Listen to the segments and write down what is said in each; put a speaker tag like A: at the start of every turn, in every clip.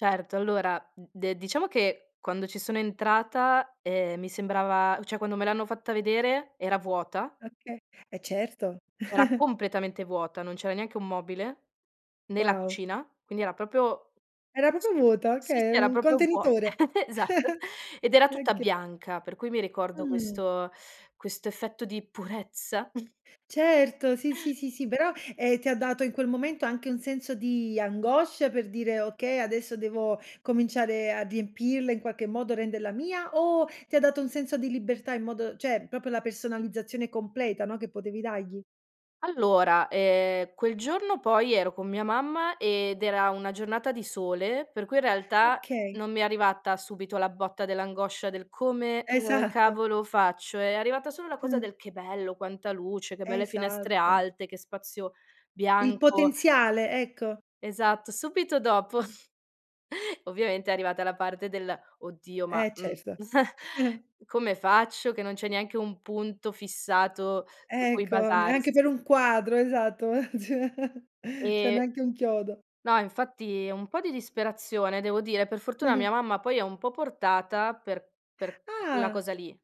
A: Certo, allora, d de diciamo che, quando ci sono entrata, ehm, mi sembrava, o cioè, quando me l'hanno fatta vedere, era vuota
B: Okay, eh, certo.
A: era completamente vuota, non c'era neanche 1 mobile, né la
B: Wow!
A: cucina, quindi era proprio
B: Era
A: s
B: proprio vuota,
A: sì,
B: okay,
A: sì, era
B: un
A: proprio vuot
B: contenitore.
A: esatto, ed era tutta
B: Oka
A: bianca, per cui mi ricordo
B: Mh.
A: questo questo effetto di purezza
B: Certo, sì, sì, sì, sì, però, ehm, ti ha dato in quel momento anche un senso di angoscia, per dire: "Okay, adesso devo cominciare a riempirla in qualche modo, renderla mia", o ti ha dato un senso di libertà in modo cioè, proprio la personalizzazione completa, no, che potevi dagli?
A: Allora, ehm, quel giorno poi ero con mia mamma ed era una giornata di sole, per cui, in realtà,
B: Okay.
A: non mi è arrivata subito la botta dell'angoscia del: "Come, ehm,
B: Esatto.
A: cavolo faccio?", è arrivata solo la cosa del: "Che bello, quanta luce, che belle finestre
B: Esatto.
A: alte, che spazio
B: Il
A: bianco"
B: potenziale, ecco.
A: esatto, subito dopo ovviamente è arrivata la parte del: "Oddio, ma,
B: Eh,
A: mhmm"
B: certo.
A: "Come faccio che non c'è neanche un punto fissato su cui
B: Ecco, neanche per
A: basarsi?"
B: un quadro, esatto. Ma cioè cioè,
A: E
B: neanche un chiodo.
A: no, infatti e un po' di disperazione devo dire, per fortuna mia mamma poi è un po' portata per per la
B: Ah!
A: cosa lì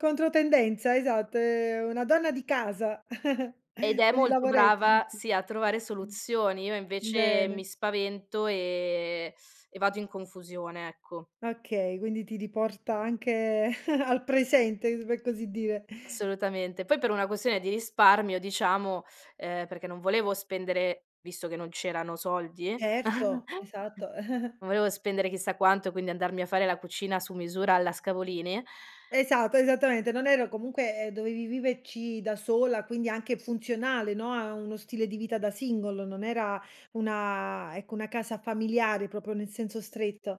B: Controtendenza, esatto, è una donna di casa,
A: ed è
B: per i
A: molto
B: lavoretti,
A: brava,
B: dici.
A: sì, a trovare
B: Mh.
A: soluzioni. Io invece mi
B: Bene.
A: spavento e e vado in confusione, ecco.
B: Okay, quindi ti riporta anche al presente, u per così dire.
A: Assolutamente. Poi per una questione di risparmio diciamo, ehm, perché non volevo spendere visto che non c'erano soldi,
B: Erto, esatto.
A: non volevo spendere chissà quanto, quindi andarmi a fare la cucina su misura alla Scavolini
B: Esatto, esattamente, non ero comunque eh, dovevi viverci da sola, quindi anche funzionale, no, a a uno stile di vita da single, non era una ecco, una casa familiare, proprio nel senso stretto.